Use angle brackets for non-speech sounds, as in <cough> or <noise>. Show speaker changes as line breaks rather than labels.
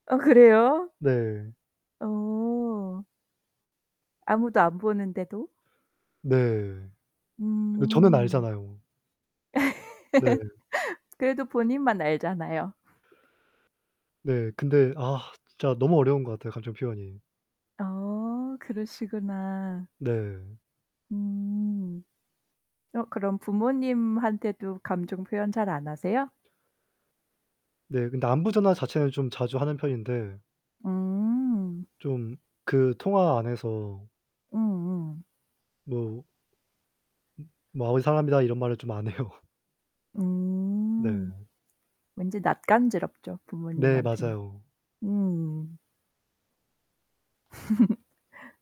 아 그래요?
네.
어. 아무도 안 보는데도?
네. 근데 저는
음.
알잖아요. 네.
<laughs> 그래도 본인만 알잖아요.
네 근데 아 진짜 너무 어려운 것 같아요, 감정 표현이.
어, 그러시구나.
네.
음. 어 그럼 부모님한테도 감정 표현 잘 안 하세요?
네 근데 안부전화 자체는 좀 자주 하는 편인데
음.
좀 그 통화 안에서
음음.
뭐 음. 뭐 "아버지 사랑합니다." 이런 말을 좀 안 해요. 네.
음. 왠지 낯간지럽죠,
네,
부모님한테는.
맞아요.
음. <laughs>